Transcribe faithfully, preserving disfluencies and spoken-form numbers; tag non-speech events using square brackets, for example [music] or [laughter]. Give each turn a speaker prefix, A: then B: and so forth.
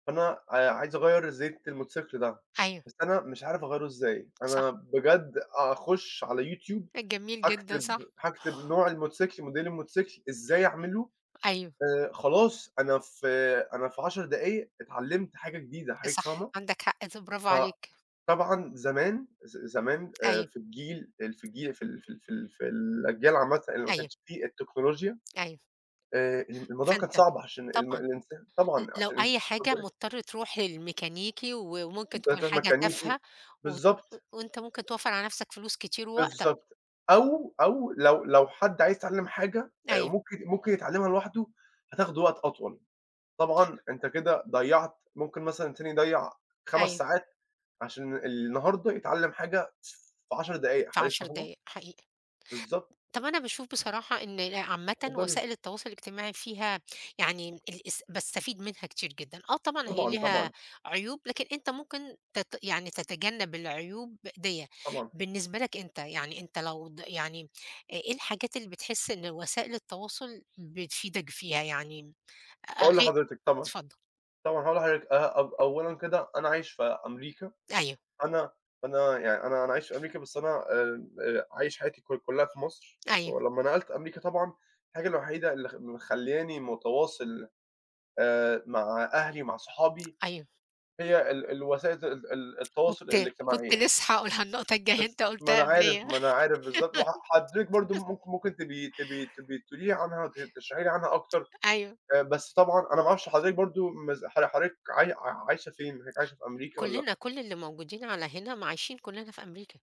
A: أنا آآ عايِز أغيِّر زيت الموتوسيكل ده،
B: أيوه.
A: بس أنا مش عارِف أغيِّره إزاي.
B: صح.
A: أنا بجد، أخُش على YouTube،
B: أ جميل جدًا
A: هاكتب
B: صح.
A: هاكتب نوع الموتوسيكل، model الموتسيكل، إزاي أعمله،
B: أيوه.
A: آآ، خلاص. أنا في أنا في عشر دقايق اتعلَّمت حاجة جديدة،
B: أ
A: حضرتِك
B: صح
A: فاهمة؟
B: عندك حق ف برافو
A: ف
B: عليك.
A: طبعًا زمان ز زمان، آآ
B: أيوه.
A: في الجيل ال في الجيل، في ال في ال في ال في الأجيال عامةً اللي ما
B: أيوه.
A: كانتِش فيه التكنولوجيا،
B: أيوه.
A: آآ الم الموضوع كان
B: فأنت
A: صعب، عشان الم
B: طبعًا
A: الإنسان
B: ل
A: طبعًا
B: لو
A: عشان
B: أي حاجة
A: اتفضَّلي.
B: مضطر تروح للميكانيكي و وممكن
A: [unintelligible]
B: تكون
A: ترُوح
B: حاجة
A: ميكانيكي،
B: تافهة وتن و
A: بالضبط.
B: وأنت ممكن توفّر على نَفْسك فلوس كتير ووقتك.
A: بالضبط. أو أو لو لو حد عايِز يتعلَّم حاجة آآ،
B: أيوه.
A: ممكن ممكن يتعلَّمها لوحده، هتاخُده وقت أطول، طبعًا أنتَ كده ضيَّعت، ممكن مثلًا تاني يضيِّع خَمس
B: أيوه.
A: ساعات عشان النهارده يتعلَّم حاجة، ف في عشر دقايق،
B: في
A: حضرتِك
B: عَشَر
A: فاهمة؟
B: دقايق، حقيقي.
A: بالضبط.
B: طَب أنا باشوف بصراحة إن ال عامةً
A: اتفضلي.
B: وسائل التواصل الاجتماعي فيها يعني ام الاس باستفيد منها كتير جدًا، آه طبعًا هي
A: طبعًا،
B: ليها
A: طبعًا.
B: عيوب، لكن أنت ممكن تت يعني تتجنب العيوب دِيّة،
A: طبعًا.
B: بالنسبة لك أنت يعني أنت لو ض يعني إ إيه الحاجات اللي بتحس إن وسائل التواصل بتفيدك فيها؟ يعني أ أ
A: هاقول
B: غي
A: لحضرتِك طبعًا،
B: اتفضل.
A: طبعًا هاقول لحضرتِك آآ، أو أوَلًا كده، أنا عايِش في أمريكا،
B: أيوه.
A: أنا أنا يعني أنا أنا عايِش في أمريكا، بس أنا آمم، آآ عايِش حياتي كـل كلِّها في مصر،
B: أيوه.
A: ولمَّا نقَلت أمريكا طبعًا، الحاجة الوحيدة اللي خ مخلِّياني متواصِل آآ مع أهلي، مع صُحابي،
B: أيوه.
A: هي ال الوسائل ت ال ال التواصُل
B: كنت كنت
A: الاجتماعيَّة.
B: لسه حاقولها النقطة الجاية أنت
A: بس ما
B: قُلتها
A: أنا عارف،
B: قَبليّ.
A: ما أنا عارف بالضبط وح حضرتِك برضه
B: [laughs]
A: مك ممكن تبقي تبقي تبقي تقولي لي عنها، ت تشرحي لي عنها أكتر،
B: أيوه.
A: آآ بس طبعًا أنا ما أعرفش حضرتِك برضه مـز حض حضرتِك عاي عايشة فين؟ حضرتِك عايشة في أمريكا والّا
B: كلّنا كل اللي موجودين على هنا م عايشين كلّنا في أمريكا.